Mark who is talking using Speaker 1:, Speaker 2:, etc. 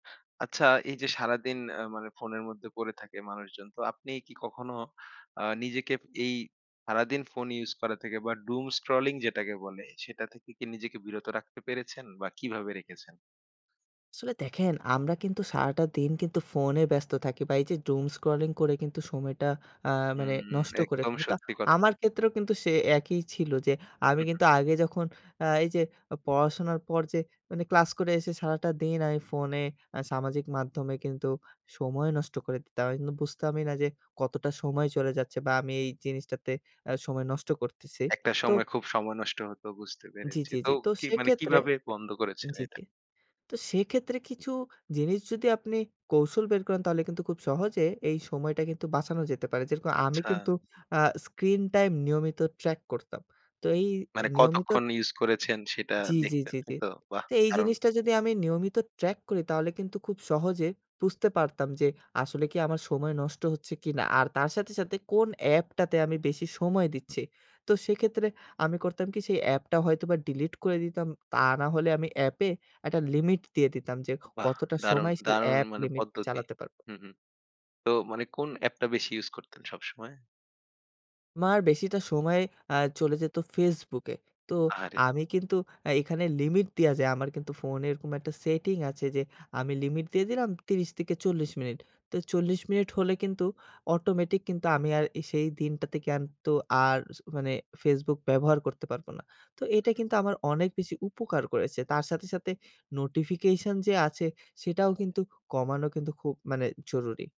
Speaker 1: আচ্ছা এই যে, সারাদিন আ মানে ফোনের মধ্যে পড়ে থাকে মানুষজন তো আপনি কি কখনো আ নিজেকে এই সারাদিন ফোন use করা থেকে বা Doom scrolling যেটাকে বলে সেটা থেকে কি নিজেকে বিরত রাখতে পেরেছেন বা কিভাবে রেখেছেন?
Speaker 2: আসলে দেখেন আমরা কিন্তু সারাটা দিন কিন্তু ফোনে ব্যস্ত থাকি বা এই যে, Doom scrolling করে কিন্তু সময়টা আ মানে
Speaker 1: হুম,
Speaker 2: নষ্ট করে
Speaker 1: একদম
Speaker 2: ফেলি। তো
Speaker 1: সত্যি কথা।
Speaker 2: আমার ক্ষেত্রেও কিন্তু সে একই ছিল যে, আমি
Speaker 1: হুম, হুম।
Speaker 2: কিন্তু আগে যখন আ এই যে, পড়াশোনার পর যে, মানে ক্লাস করে এসে সারাটা দিন আমি ফোনে আ সামাজিক মাধ্যমে কিন্তু সময় নষ্ট করে দিতাম আমি কিন্তু বুঝতামই না যে, কতটা সময় চলে যাচ্ছে বা আমি এই জিনিসটাতে আ সময় নষ্ট করতেছি।
Speaker 1: একটা
Speaker 2: তো
Speaker 1: সময় খুব সময় নষ্ট হতো বুঝতে
Speaker 2: জি,
Speaker 1: পেরেছি।
Speaker 2: জি,
Speaker 1: তো
Speaker 2: জি। তো
Speaker 1: কি মানে
Speaker 2: সেক্ষেত্রে
Speaker 1: কিভাবে বন্ধ করেছেন
Speaker 2: জি,
Speaker 1: এটা?
Speaker 2: জি। তো সেক্ষেত্রে কিছু জিনিস যদি আপনি কৌশল বের করেন তাহলে কিন্তু খুব সহজে এই সময়টা কিন্তু বাঁচানো যেতে পারে। যেরকম আমি
Speaker 1: আচ্ছা।
Speaker 2: কিন্তু আ স্ক্রিন টাইম নিয়মিত ট্রাক করতাম। তো এ এই
Speaker 1: মানে
Speaker 2: নিয়মিত
Speaker 1: কতক্ষণ ইউজ করেছেন সেটা
Speaker 2: জি, জি,
Speaker 1: দেখতে
Speaker 2: জি, জি।
Speaker 1: তাই তো? বাহ,
Speaker 2: তো এই
Speaker 1: দারুন।
Speaker 2: জিনিসটা যদি আমি নিয়মিত ট্রাক করি তাহলে কিন্তু খুব সহজে বুঝতে পারতাম যে, আসলে কি আমার সময় নষ্ট হচ্ছে কিনা আর তার সাথে, সাথে কোন অ্যাপটাতে আমি বেশি সময় দিচ্ছি। তো সেক্ষেত্রে আমি করতাম কি সেই অ্যাপটা হয়তো ডিলিট করে দিতাম, তা না হলে আমি অ্যাপ এ একটা লিমিট দিয়ে দিতাম যে,
Speaker 1: বাহ,
Speaker 2: কতটা
Speaker 1: দারুণ,
Speaker 2: সময় সেই
Speaker 1: দারুণ
Speaker 2: অ্যাপ
Speaker 1: মানে
Speaker 2: লিমিট
Speaker 1: পদ্ধতি।
Speaker 2: চালাতে পারবো।
Speaker 1: হুম, হুম। তো মানে কোন অ্যাপটা বেশি ইউজ করতেন সবসময়?
Speaker 2: আমার বেশিটা সময় আ চলে যেত ফেসবুকে। তো
Speaker 1: আহারে!
Speaker 2: আমি কিন্তু আ এখানে লিমিট দেওয়া যায় আমার কিন্তু ফোনে এরকম একটা সেটিং আছে যে, আমি লিমিট দিয়ে দিলাম ৩০ থেকে ৪০ মিনিট। তো ৪০ মিনিট হলে কিন্তু অটোমেটিক কিন্তু আমি আর আ সেই দিনটাতে কিন্তু আর স মানে ফেসবুক ব্যবহার করতে পারবো না। তো এটা কিন্তু আমার অনেক বেশি উপকার করেছে। তার সাথে, সাথে নোটিফিকেশন যে, আছে সেটাও কিন্তু কমানো কিন্তু খুব মানে জরুরি।